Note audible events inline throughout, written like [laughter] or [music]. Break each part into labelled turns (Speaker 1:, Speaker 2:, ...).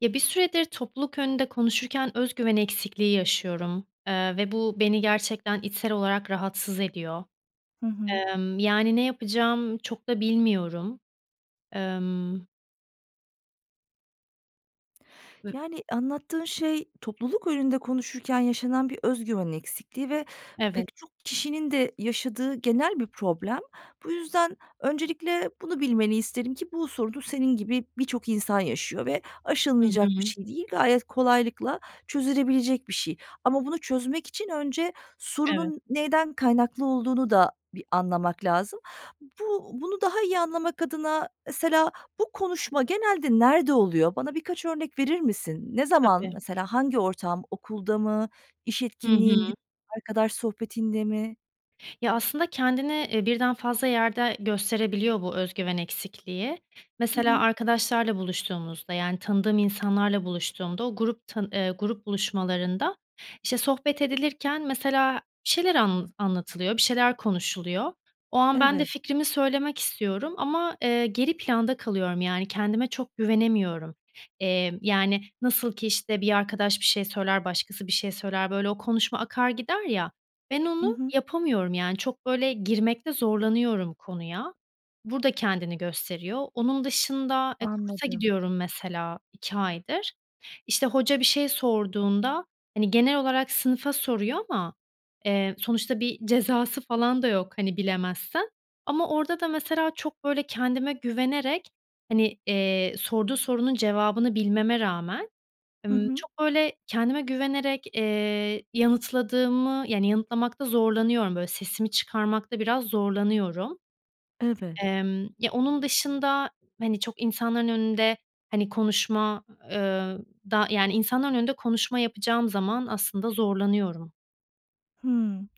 Speaker 1: Ya, bir süredir topluluk önünde konuşurken öz güven eksikliği yaşıyorum, ııı, ve bu beni gerçekten içsel olarak rahatsız ediyor.
Speaker 2: Hı hı.
Speaker 1: Imm, yani, ne yapacağımı çok da bilmiyorum. Imm V
Speaker 2: Yani, anlattığın şey topluluk önünde konuşurken yaşanan bir özgüven eksikliği ve
Speaker 1: Evet.
Speaker 2: pek çok kişinin de yaşadığı genel bir problem. Bu yüzden öncelikle bunu bilmeni isterim ki, bu sorunu senin gibi birçok insan yaşıyor ve
Speaker 1: Hı
Speaker 2: aşılmayacak bir
Speaker 1: hı.
Speaker 2: şey değil, gayet kolaylıkla çözülebilecek bir şey ama bunu çözmek için önce
Speaker 1: Evet.
Speaker 2: sorunun neyden kaynaklı olduğunu da bir anlamak lazım. B bunu daha iyi anlamak adına mesela bu konuşma genelde nerede oluyor? Bana birkaç örnek verir misin? Ne zaman,
Speaker 1: Tabii.
Speaker 2: mesela hangi ortam? Okulda mı, iş
Speaker 1: Hı
Speaker 2: etkinliğinde,
Speaker 1: hı.
Speaker 2: arkadaş sohbetinde mi?
Speaker 1: Ya, aslında kendini, eee, birden fazla yerde gösterebiliyor bu öz güven eksikliği.
Speaker 2: Hı
Speaker 1: Mesela
Speaker 2: hı.
Speaker 1: arkadaşlarla buluştuğumuzda, yani tanıdığım insanlarla buluştuğumda o grup ta ııı, grup buluşmalarında, işte, sohbet edilirken mesela bir şeyler anlatı anlatılıyor, bir şeyler konuşuluyor. O an ben de
Speaker 2: Evet.
Speaker 1: fikrimi söylemek istiyorum ama, ııı, geri planda kalıyorum. Yani kendime çok güvenemiyorum. Emm, yani, nasıl ki işte bir arkadaş bir şey, söyler başkası bir şey söyler, böyle, o konuşma akar gider ya. Ben
Speaker 2: I
Speaker 1: onu
Speaker 2: hı.
Speaker 1: yapamıyorum, yani, çok, böyle, girmekte zorlanıyorum konuya. Burada kendini gösteriyor. Onun dışında, e, kursa
Speaker 2: Anladım.
Speaker 1: gidiyorum mesela 2 aydır. İşte, hoca bir şey sorduğunda hani, genel olarak sınıfa soruyor ama, eee, sonuçta bir cezası falan da yok, hani, bilemezsen. Ama orada da mesela çok, böyle, kendime güvenerek hani, eee, sorduğu sorunun cevabını bilmeme rağmen,
Speaker 2: Hı
Speaker 1: ımm,
Speaker 2: hı.
Speaker 1: çok, böyle, kendime güvenerek, ııı, yanıtladığımı Yani yanıtlamakta zorlanıyorum, böyle, sesimi çıkarmakta biraz zorlanıyorum.
Speaker 2: Evet.
Speaker 1: Emm, ya, onun dışında hani çok insanların önünde, hani, konuşma, ııı, da Yani insanların önünde konuşma yapacağım zaman aslında zorlanıyorum.
Speaker 2: Hımm.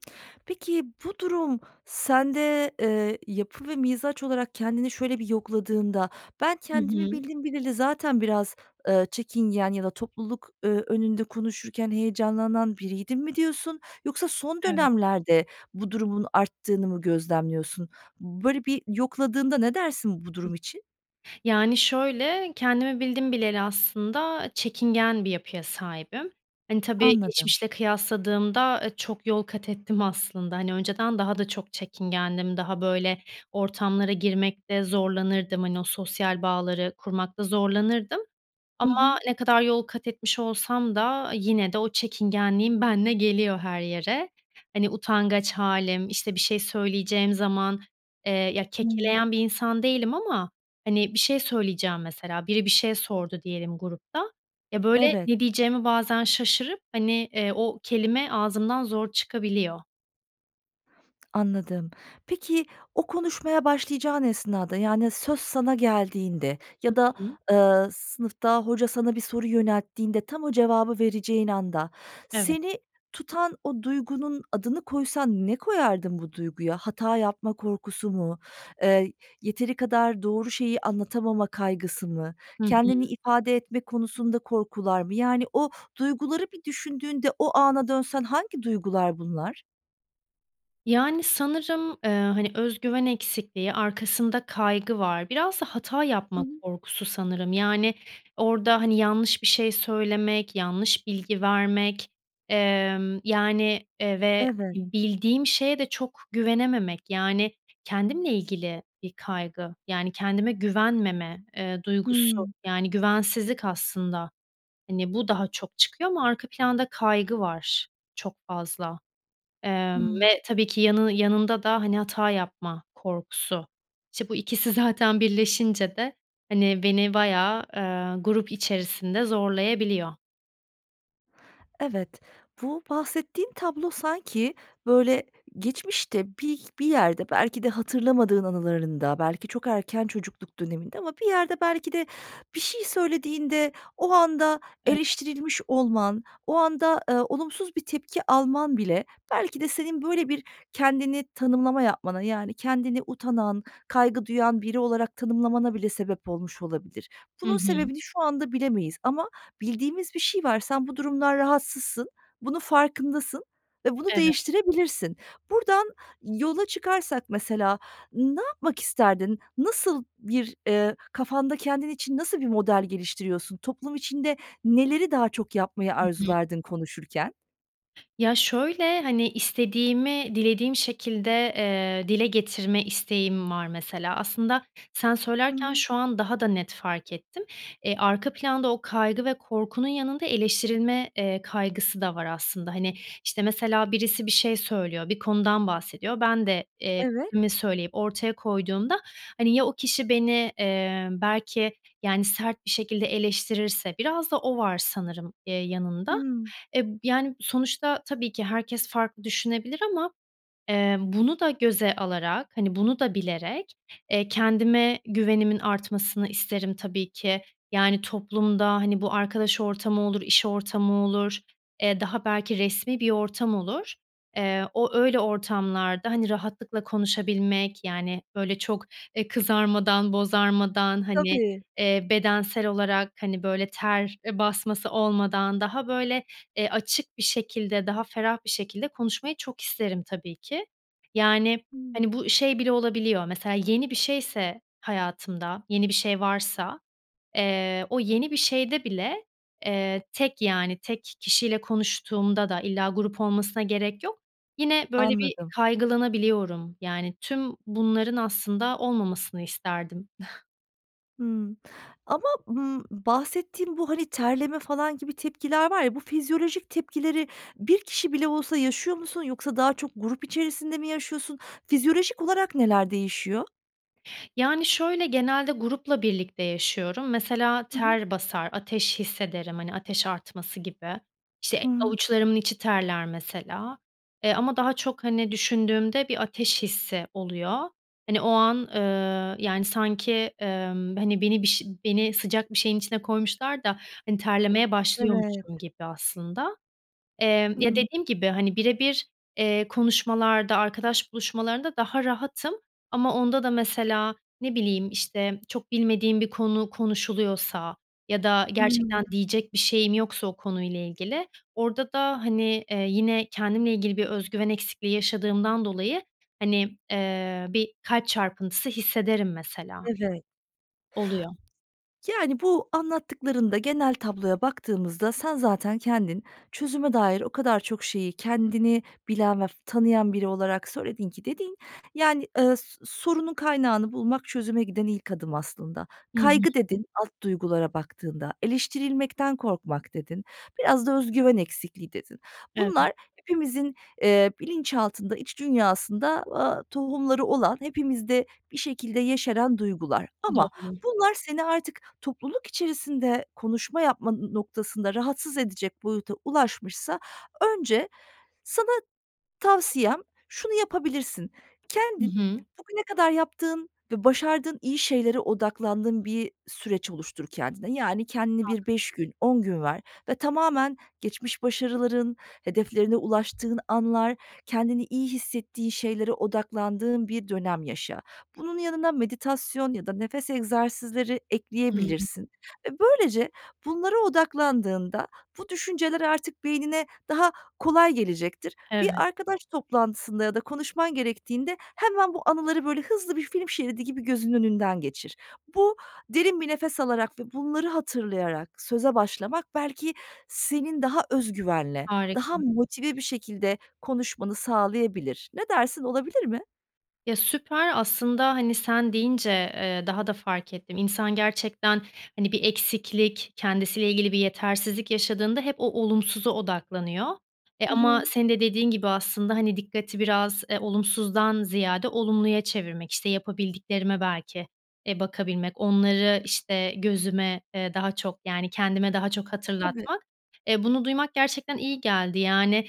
Speaker 2: Peki, bu durum sende, eee, yapı ve mizaç olarak kendini şöyle bir yokladığında, "Ben
Speaker 1: Hı
Speaker 2: kendimi
Speaker 1: hı.
Speaker 2: bildim bileli zaten biraz, ııı, çekingen ya da topluluk, ööö, önünde konuşurken heyecanlanan biriydim." mi diyorsun yoksa son
Speaker 1: Evet.
Speaker 2: dönemlerde bu durumun arttığını mı gözlemliyorsun? Böyle bir yokladığında ne dersin bu durum için?
Speaker 1: Yani, şöyle, kendimi bildim bileli aslında çekingen bir yapıya sahibim. Hani, tabii,
Speaker 2: Anladım.
Speaker 1: geçmişle kıyasladığımda, eee, çok yol kat ettim aslında. Hani, önceden daha da çok çekingendim, daha, böyle, ortamlara girmekte zorlanırdım, hani, o sosyal bağları kurmakta zorlanırdım.
Speaker 2: Hı
Speaker 1: Ama
Speaker 2: hı.
Speaker 1: ne kadar yol kat etmiş olsam da yine de o çekingenliğim benimle geliyor her yere. Hani, utangaç hâlim, işte, bir şey söyleyeceğim zaman, eee, ya,
Speaker 2: Hımm.
Speaker 1: kekeleyen bir insan değilim ama, hani, bir şey söyleyeceğim mesela, biri bir şey sordu diyelim grupta. Ya, böyle,
Speaker 2: Evet.
Speaker 1: ne diyeceğimi bazen şaşırıp, hani, eee, o kelime ağzımdan zor çıkabiliyor.
Speaker 2: Anladım. Peki o konuşmaya başlayacağın esnada, yani söz sana geldiğinde
Speaker 1: Hı
Speaker 2: ya da,
Speaker 1: hı.
Speaker 2: ııı, sınıfta hoca sana bir soru yönelttiğinde tam o cevabı vereceğin anda
Speaker 1: Evet.
Speaker 2: seni tutan o duygunun adını koysan ne koyardın bu duyguya? Hata yapma korkusu mu? Iıı, yeteri kadar doğru şeyi anlatamama kaygısı mı?
Speaker 1: Hı
Speaker 2: Kendini
Speaker 1: hı.
Speaker 2: ifade etme konusunda korkular mı? Yani, o duyguları bir düşündüğünde o ana dönsen hangi duygular bunlar?
Speaker 1: Yani, sanırım, eee, hani, öz güven eksikliği, arkasında kaygı var. Biraz da hata
Speaker 2: Hı
Speaker 1: yapma
Speaker 2: hı.
Speaker 1: korkusu sanırım. Yani orada, hani, yanlış bir şey söylemek, yanlış bilgi vermek, ımm, yani, eee, ve
Speaker 2: Evet.
Speaker 1: bildiğim şeye de çok güvenememek. Yani, kendimle ilgili bir kaygı, yani, kendime güvenmeme, eee, duygusu.
Speaker 2: Hımm.
Speaker 1: Yani güvensizlik aslında. Hani, bu daha çok çıkıyor ama arka planda kaygı var çok fazla. Emm,
Speaker 2: Hımm.
Speaker 1: ve tabii ki yanını yanında da, hani, hata yapma korkusu. İşte, bu ikisi zaten birleşince de, hani, beni baya, ııı, grup içerisinde zorlayabiliyor.
Speaker 2: Evet, bu bahsettiğin tablo sanki, böyle, geçmişte bir bir yerde belki de hatırlamadığın anılarında, belki çok erken çocukluk döneminde ama bir yerde belki de bir şey söylediğinde o anda
Speaker 1: Evet.
Speaker 2: eleştirilmiş olman, o anda, ııı, olumsuz bir tepki alman bile belki de senin böyle bir kendini tanımlama yapmana yani kendini utanan, kaygı duyan biri olarak tanımlamana bile sebep olmuş olabilir.
Speaker 1: Hı
Speaker 2: Bunun
Speaker 1: hı.
Speaker 2: sebebini şu anda bilemeyiz ama bildiğimiz bir şey var. Sen bu durumdan rahatsızsın, bunun farkındasın ve bunu
Speaker 1: Evet.
Speaker 2: değiştirebilirsin. Buradan yola çıkarsak mesela ne yapmak isterdin? Nasıl bir, ııı, kafanda kendin için nasıl bir model geliştiriyorsun? Toplum içinde neleri daha çok yapmayı
Speaker 1: Hı hı.
Speaker 2: arzulardın konuşurken?
Speaker 1: Ya, şöyle: Hani, istediğimi dilediğim şekilde, eee, dile getirme isteğim var mesela. Aslında sen
Speaker 2: Hı
Speaker 1: söylerken
Speaker 2: hı.
Speaker 1: şu an daha da net fark ettim. Eee, arka planda o kaygı ve korkunun yanında eleştirilme, eee, kaygısı da var aslında. Hani, işte, mesela birisi bir şey söylüyor, bir konudan bahsediyor. Ben de, eee,
Speaker 2: Evet.
Speaker 1: fikrimi söyleyip ortaya koyduğumda, hani, ya o kişi beni, ımm, belki yani sert bir şekilde eleştirirse. Biraz da o var sanırım, eee, yanında.
Speaker 2: Hımm.
Speaker 1: E, b yani, sonuçta tabii ki herkes farklı düşünebilir ama, eee, bunu da göze alarak, hani, bunu da bilerek, eee, kendime güvenimin artmasını isterim tabii ki. Yani, toplumda, hani, bu arkadaş ortamı olur, iş ortamı olur, eee, daha belki resmi bir ortam olur. Eee, o, öyle, ortamlarda, hani, rahatlıkla konuşabilmek, yani, böyle çok, eee, kızarmadan bozarmadan, hani,
Speaker 2: Tabii.
Speaker 1: eee, bedensel olarak hani böyle ter, eee, basması olmadan daha, böyle, eee, açık bir şekilde, daha ferah bir şekilde konuşmayı çok isterim tabii ki. Yani,
Speaker 2: Hımm.
Speaker 1: hani, bu şey bile olabiliyor mesela; yeni bir şeyse, hayatımda, yeni bir şey varsa, eee, o yeni bir şeyde bile, eee, tek yani, tek kişiyle konuştuğumda da illa grup olmasına gerek yok, yine böyle bir
Speaker 2: Anladım.
Speaker 1: kaygılanabiliyorum. Yani, tüm bunların aslında olmamasını isterdim. [chuckles]
Speaker 2: Hımm. Ama, ımm, bahsettiğin bu, hani, terleme falan gibi tepkiler var ya, bu fizyolojik tepkileri bir kişi bile olsa yaşıyor musun yoksa daha çok grup içerisinde mi yaşıyorsun? Fizyolojik olarak neler değişiyor?
Speaker 1: Yani, şöyle genelde grupla birlikte yaşıyorum. Mesela
Speaker 2: Hı hı.
Speaker 1: ter basar, ateş hissederim. Hani, ateş artması gibi. İşte,
Speaker 2: Hıı.
Speaker 1: avuçlarımın içi terler mesela. E, ama daha çok, hani, düşündüğümde bir ateş hissi oluyor. Hani, o an, ııı, yani, sanki, ımm, hani, beni bir şey beni sıcak bir şeyin içine koymuşlar da, hani, terlemeye
Speaker 2: Evet.
Speaker 1: başlıyormuşum gibi aslında. Emm,
Speaker 2: Hı
Speaker 1: ya
Speaker 2: hı.
Speaker 1: dediğim gibi, hani, bire bir, eee, konuşmalarda arkadaş buluşmalarında daha rahatım. Ama onda da mesela, ne bileyim, işte, çok bilmediğim bir konu konuşuluyorsa ya da
Speaker 2: Hımm.
Speaker 1: gerçekten diyecek bir şeyim yoksa o konuyla ilgili orada da, hani, eee, yine kendimle ilgili bir özgüven eksikliği yaşadığımdan dolayı, hani, eee, bir kalp çarpıntısı hissederim mesela.
Speaker 2: Evet.
Speaker 1: Oluyor.
Speaker 2: Yani, bu anlattıklarında genel tabloya baktığımızda sen zaten kendin, çözüme dair o kadar çok şeyi, kendini bilen ve f tanıyan biri olarak söyledin ki... Dediğin, yani, ıııı, s sorunun kaynağını bulmak, çözüme giden ilk adım aslında.
Speaker 1: Hı hı.
Speaker 2: "Kaygı" dedin alt duygulara baktığında. "Eleştirilmekten korkmak" dedin. Biraz da "öz güven eksikliği" dedin.
Speaker 1: Evet.
Speaker 2: Bunlar hepimizin, eee, bilinçaltında, iç dünyasında, aaa, tohumları olan, hepimizde bir şekilde yeşeren duygular ama
Speaker 1: Doğru.
Speaker 2: bunlar seni artık topluluk içerisinde konuşma yapma n noktasında rahatsız edecek boyuta ulaşmışsa önce sana tavsiyem şunu yapabilirsin:
Speaker 1: Hı
Speaker 2: Kendin
Speaker 1: hı.
Speaker 2: bugüne kadar yaptığın ve başardığın iyi şeylere odaklandığın bir süreç oluştur kendine. Yani, kendini bir
Speaker 1: Anladım.
Speaker 2: 5 gün, 10 gün ver ve tamamen geçmiş başarıların, hedeflerine ulaştığın anlar, kendini iyi hissettiğin şeylere odaklandığın bir dönem yaşa. Bunun yanına meditasyon ya da nefes egzersizleri
Speaker 1: Hımm.
Speaker 2: ekleyebilirsin ve böylece bunlara odaklandığında bu düşünceler artık beynine daha kolay gelecektir. Bir
Speaker 1: Evet.
Speaker 2: arkadaş toplantısında ya da konuşman gerektiğinde hemen bu anıları, böyle, hızlı bir film şeridi gibi gözünün önünden geçir. Bu derin bir nefes alarak ve bunları hatırlayarak söze başlamak belki senin daha özgüvenle, daha
Speaker 1: Harika.
Speaker 2: motive bir şekilde konuşmanı sağlayabilir. Ne dersin? Olabilir mi?
Speaker 1: Ya, süper. Aslında, hani, sen deyince, eee, daha da fark ettim. İnsan gerçekten, hani, bir eksiklik kendisiyle ilgili bir yetersizlik yaşadığında hep o olumsuza odaklanıyor. E,
Speaker 2: Hı
Speaker 1: ama
Speaker 2: hı.
Speaker 1: senin de dediğin gibi aslında, hani, dikkati biraz, e, olumsuzdan ziyade olumluya çevirmek, işte, yapabildiklerime belki, e, bakabilmek, onları, işte, gözüme, eee, daha çok, yani, kendime daha çok
Speaker 2: Tabii.
Speaker 1: hatırlatmak. E, bunu duymak gerçekten iyi geldi, yani,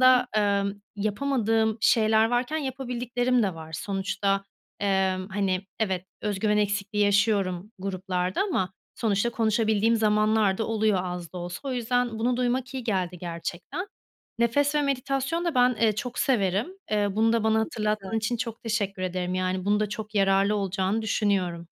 Speaker 2: Hı hı.
Speaker 1: ımm, yapamadığım şeyler varken yapabildiklerim de var. Sonuçta, emm, hani, evet öz güven eksikliği yaşıyorum gruplarda ama sonuçta konuşabildiğim zamanlarda oluyor az da olsa. O yüzden bunu duymak iyi geldi gerçekten. Nefes ve meditasyonu da ben, eee, çok severim. Eee, bunu da bana
Speaker 2: Çok güzel.
Speaker 1: hatırlattığın için çok teşekkür ederim. Yani bunun da çok yararlı olacağını düşünüyorum.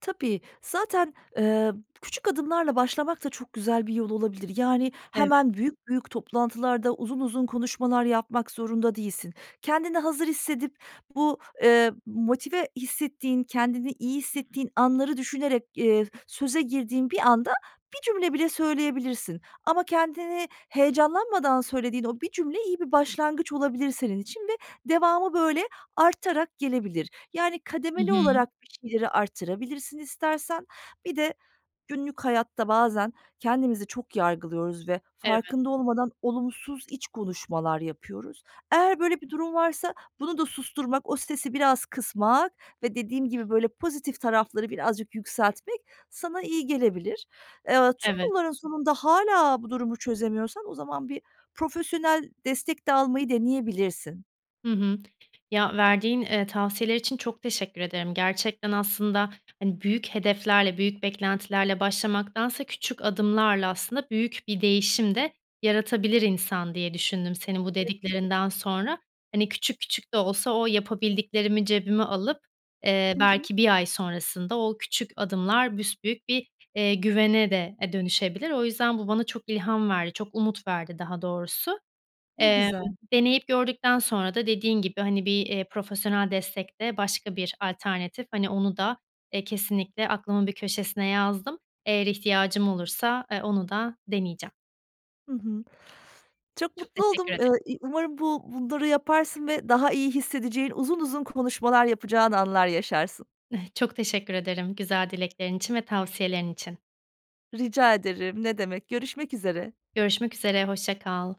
Speaker 2: Tabii, zaten, ııı, küçük adımlarla başlamak da çok güzel bir yol olabilir. Yani
Speaker 1: Evet.
Speaker 2: hemen büyük büyük toplantılarda uzun uzun konuşmalar yapmak zorunda değilsin. Kendini hazır hissedip bu, ııı, motive hissettiğin, kendini iyi hissettiğin anları düşünerek, eee, söze girdiğin bir anda 1 cümle bile söyleyebilirsin ama kendini heyecanlanmadan söylediğin o 1 cümle iyi bir başlangıç olabilir senin için ve devamı böyle artarak gelebilir. Yani
Speaker 1: Hı
Speaker 2: kademeli
Speaker 1: hı.
Speaker 2: olarak bir şeyleri arttırabilirsin istersen. Bir de günlük hayatta bazen kendimizi çok yargılıyoruz ve
Speaker 1: Eve
Speaker 2: farkında olmadan olumsuz iç konuşmalar yapıyoruz. Eğer böyle bir durum varsa bunu da susturmak, o stresi biraz kısmak ve dediğim gibi böyle pozitif tarafları birazcık yükseltmek sana iyi gelebilir. Eee, tüm
Speaker 1: Evet.
Speaker 2: bunların sonunda hâlâ bu durumu çözemiyorsan o zaman bir profesyonel destek de almayı deneyebilirsin.
Speaker 1: Hı hı. Ya, verdiğin, ııı, tavsiyeler için çok teşekkür ederim. Gerçekten aslında, hani, büyük hedeflerle, büyük beklentilerle başlamaktansa küçük adımlarla aslında büyük bir değişim de yaratabilir insan diye düşündüm senin bu
Speaker 2: [unintelligible]
Speaker 1: dediklerinden sonra. Hani, küçük küçük de olsa o yapabildiklerimi cebime alıp, eee,
Speaker 2: Hı hı.
Speaker 1: belki 1 ay sonrasında o küçük adımlar büsbüyük bir, eee, güvene de, eee, dönüşebilir. O yüzden bu bana çok ilham verdi çok umut verdi daha doğrusu.
Speaker 2: Ne
Speaker 1: Emm,
Speaker 2: güzel.
Speaker 1: deneyip gördükten sonra da dediğin gibi hani bir, eee, profesyonel destek de başka bir alternatif, hani, onu da, eee, kesinlikle aklımın bir köşesine yazdım. Eğer ihtiyacım olursa, ııı, onu da deneyeceğim.
Speaker 2: Hı hı. Çok
Speaker 1: Çok
Speaker 2: mutlu
Speaker 1: teşekkür
Speaker 2: oldum. Eee,
Speaker 1: ederim.
Speaker 2: iii, umarım bu bunları yaparsın ve daha iyi hissedeceğin, uzun uzun konuşmalar yapacağın anlar yaşarsın.
Speaker 1: [chuckles] Çok teşekkür ederim güzel dileklerin için ve tavsiyelerin için.
Speaker 2: Rica ederim. Ne demek? Görüşmek üzere.
Speaker 1: Görüşmek üzere, hoşça kal.